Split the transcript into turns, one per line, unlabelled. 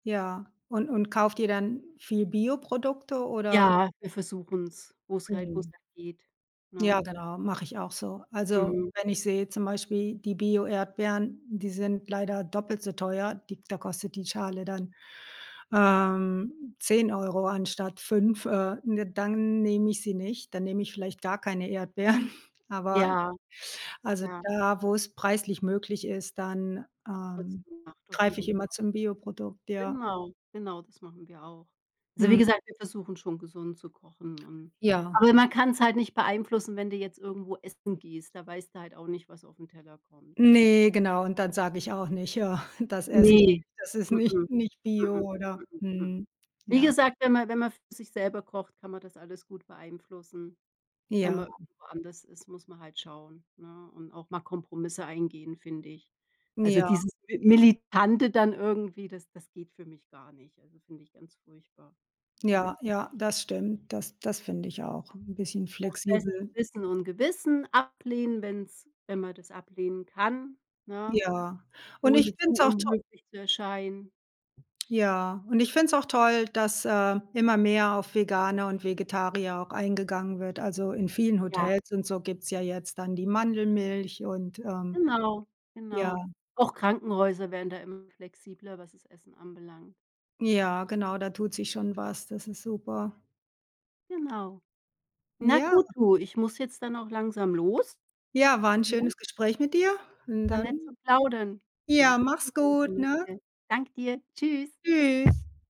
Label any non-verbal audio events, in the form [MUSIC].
Ja. Und und kauft ihr dann viel Bioprodukte oder?
Ja, wir versuchen's, wo's halt wo's
Mhm.
halt geht, ne?
Ja genau, mache ich auch so. Also,
Mhm.
wenn ich sehe zum Beispiel die Bio-Erdbeeren, die sind leider doppelt so teuer, die da kostet die Schale dann, ähm, 10 € anstatt 5, äh, ne, dann nehme ich sie nicht. Dann nehme ich vielleicht gar keine Erdbeeren. Aber
Ja.
also,
Ja.
da, wo's preislich möglich ist, dann,
Wird's
ähm,
gemacht auf
greife ich
jeden
immer
Fall.
zum Bioprodukt, ja.
Genau, genau, das machen wir auch. Also, wie
Mhm.
gesagt, wir versuchen schon, gesund zu kochen und
Ja.
aber man kann's halt nicht beeinflussen, wenn du jetzt irgendwo essen gehst. Da weißt du halt auch nicht, was auf'n Teller kommt.
Ne, genau und dann sage ich auch nicht: „Ja, das esse ich
Ne,
nicht, das ist
mm,
nicht
mm,
nicht bio",
mm,
oder
mm.
mhm,
Wie
ja.
gesagt, wenn man wenn man für sich selber kocht, kann man das alles gut beeinflussen. Wenn
Ja.
man woanders isst, muss man halt schauen, ne, und auch mal Kompromisse eingehen, finde ich. Also,
Ja.
dieses militante dann irgendwie, das das geht für mich gar nicht. Also, finde ich ganz furchtbar, mhm.
Ja, ja, das stimmt. Das das finde ich auch, 'n bisschen
Nach bestem
flexibel.
Wissen und Gewissen ablehnen, wenn's wenn man das ablehnen kann, ne,
Ja, und ich
ohne
finde
zu
es auch toll
unmöglich zu erscheinen.
Ja, und ich find's auch toll, dass, äh, immer mehr auf Vegane und Vegetarier auch eingegangen wird. Also, in vielen
Ja.
Hotels und so gibt's ja jetzt dann die Mandelmilch und, ähm,
Genau,
ja.
genau. Auch Krankenhäuser werden da immer flexibler, was das Essen anbelangt.
Ja genau, da tut sich schon was. Das ist super.
Genau. Na
Ja.
gut, du, ich muss jetzt dann auch langsam los,
Ja, war 'n
ne?
schönes Gespräch mit dir und
War
dann,
nett zu plaudern.
ja,
Vielleicht
mach's
hören.
gut, ne?
[UNINTELLIGIBLE] Danke dir. Tschüss.
Tschüss.